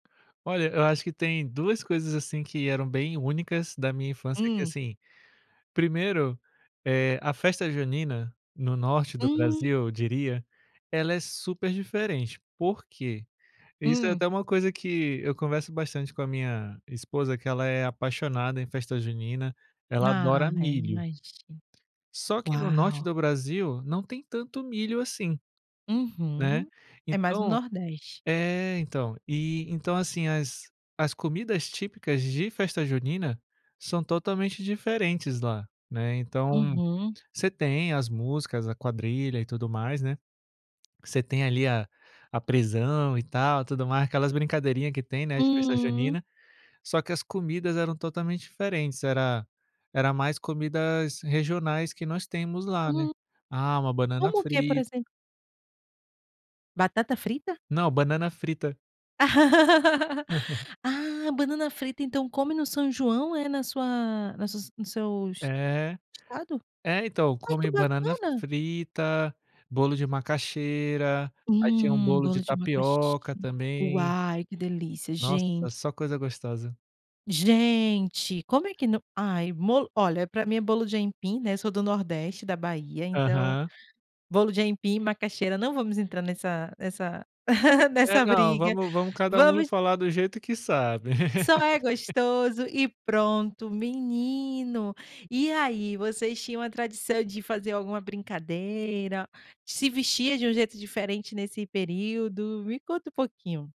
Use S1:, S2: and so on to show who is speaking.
S1: Olha, acho que tem 2 coisas, assim, que eram bem únicas da minha infância que,
S2: Hum.
S1: assim, 1º, eh, a festa junina, no norte do Brasil
S2: Hum.
S1: eu diria, ela é super diferente, por quê? Isso é
S2: Hum.
S1: até uma coisa que eu converso bastante com a minha esposa, que ela é apaixonada em festa junina, ela
S2: Ah,
S1: adora
S2: é,
S1: milho.
S2: imagino.
S1: Só que no norte
S2: Uau!
S1: do Brasil não tem tanto milho assim, né,
S2: Uhum, é mais no
S1: então
S2: Nordeste.
S1: é então, e então, assim, as as comidas típicas de festa junina são totalmente diferentes lá, né, então,
S2: Uhum.
S1: você tem as músicas, a quadrilha e tudo mais, né, você tem ali a a prisão e tal tudo mais, aquelas brincadeirinha que tem, né, de festa
S2: Hum.
S1: junina, só que as comidas eram totalmente diferentes, era era mais comidas regionais que nós temos lá, né,
S2: Uhum.
S1: ah, uma banana
S2: Como o que por
S1: frita.
S2: exemplo? Batata frita?
S1: Não, banana frita.
S2: Ah, banana frita então come no São João, é, na sua nas suas nos seus,
S1: É,
S2: estado?
S1: é então
S2: Ai que
S1: come banana
S2: bacana.
S1: frita, bolo de macaxeira, aí tinha um
S2: Hum,
S1: bolo de
S2: bolo de macaxe
S1: tapioca também.
S2: uau, que delícia
S1: Nossa,
S2: gente.
S1: só coisa gostosa.
S2: Gente, como é que nao, ai bolo olha para mim é bolo de aipim, né, sou do nordeste, da Bahia, então
S1: Aham.
S2: bolo de aipim, macaxeira, não vamos entrar nessa nessa
S1: É,
S2: nessa
S1: não,
S2: briga,
S1: vamos vamos cada um
S2: vamos
S1: falar do jeito que sabe.
S2: Só é gostoso e pronto, menino, e aí vocês tinham a tradição de fazer alguma brincadeira, se vestia de um jeito diferente nesse período? Me conta um pouquinho.